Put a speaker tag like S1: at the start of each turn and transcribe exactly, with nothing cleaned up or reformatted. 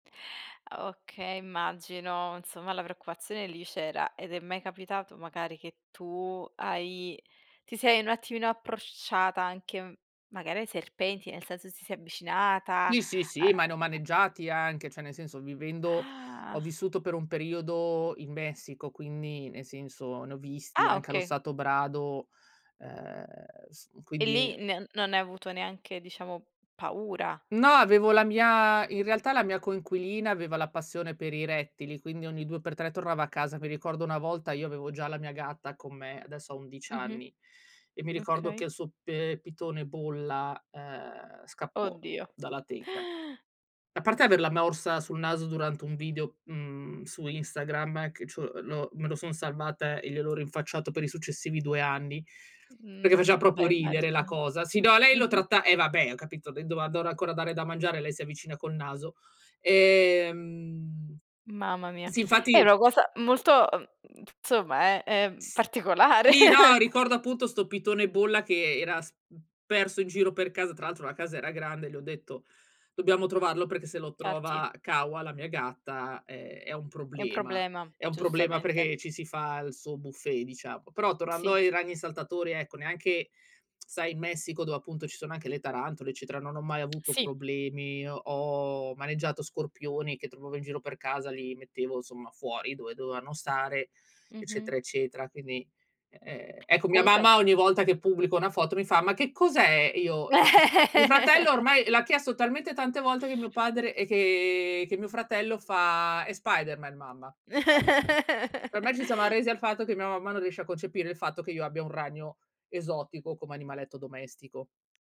S1: Ah, okay, immagino, insomma la preoccupazione lì c'era. Ed è mai capitato magari che tu hai ti sei un attimino approcciata anche magari ai serpenti, nel senso ti sei avvicinata,
S2: Sì, sì,
S1: uhm,
S2: sì, ma ne ho
S1: a
S2: maneggiati anche, cioè nel senso, vivendo ho
S1: Ah.
S2: vissuto per un periodo in Messico, quindi nel senso ne ho visti
S1: Ah,
S2: anche allo
S1: okay.
S2: stato brado, ehm, s
S1: E
S2: quindi
S1: lì n non hai avuto neanche, diciamo, paura.
S2: No, avevo la mia in realtà la mia coinquilina aveva la passione per i rettili, quindi ogni due per tre tornava a casa. Mi ricordo una volta, io avevo già la mia gatta con me, adesso ha undic
S1: Mh-mh.
S2: anni, e mi ricordo
S1: Okay.
S2: che il suo p ehm, pitone bolla, uhm, scappò
S1: Oddio.
S2: dalla teca. A parte averla morsa sul naso durante un video, mhmm, su Instagram, che c'ho l'ho me lo son salvata e gliel'ho rinfacciato per i successivi due anni, perché faceva
S1: Mh,
S2: propio
S1: beh
S2: ridere la
S1: immagino.
S2: cosa. Sì, no, lei lo
S1: Mh-mh.
S2: tratta eh, vabbè, ho capito, lei dova dora ancora dare da mangiare, lei si avvicina col naso, ehm
S1: Mamma mia,
S2: sì,
S1: è
S2: infatti
S1: una cosa molto uhm, nzomma, è, ehm, particolare.
S2: Sì, no, ricordo appunto sto pitone bolla che era s mhmm, perso in giro per casa. Tra l'altro la casa era grande e le ho detto: “Dobbiamo trovarlo perché se lo
S1: Fatti.
S2: trova Kawa, la mia gatta, è è un
S1: È un
S2: problema",
S1: problema,
S2: è un problema
S1: giustamente.
S2: perché ci si fa il suo buffet, diciamo. Però tornando
S1: Sì.
S2: ai ragni saltatori, ecco, neanche sai, in Messico, dove appunto ci sono anche le tarantole, eccetera, non ho mai avuto
S1: Sì.
S2: problemi. Ho ho maneggiato scorpioni che trovavo in giro per casa, li mettevo, insomma, fuori dove dovevano stare,
S1: Mh-mh.
S2: eccetera, eccetera. Quindi, e ehm, ecco, mia
S1: conque
S2: mamma ogni volta che pubblico una foto mi fa: “Ma che cos'è?” Io [unintelligible] mio fratello ormai l'ha chiesto talmente tante volte che mio padre e che che mio fratello fa: “È Spiderman, mamma. È Spiderman.” Ormai ci siamo arresi al fatto che mia mamma non riesce a concepire il fatto che io abbia un ragno esotico come animaletto domestico.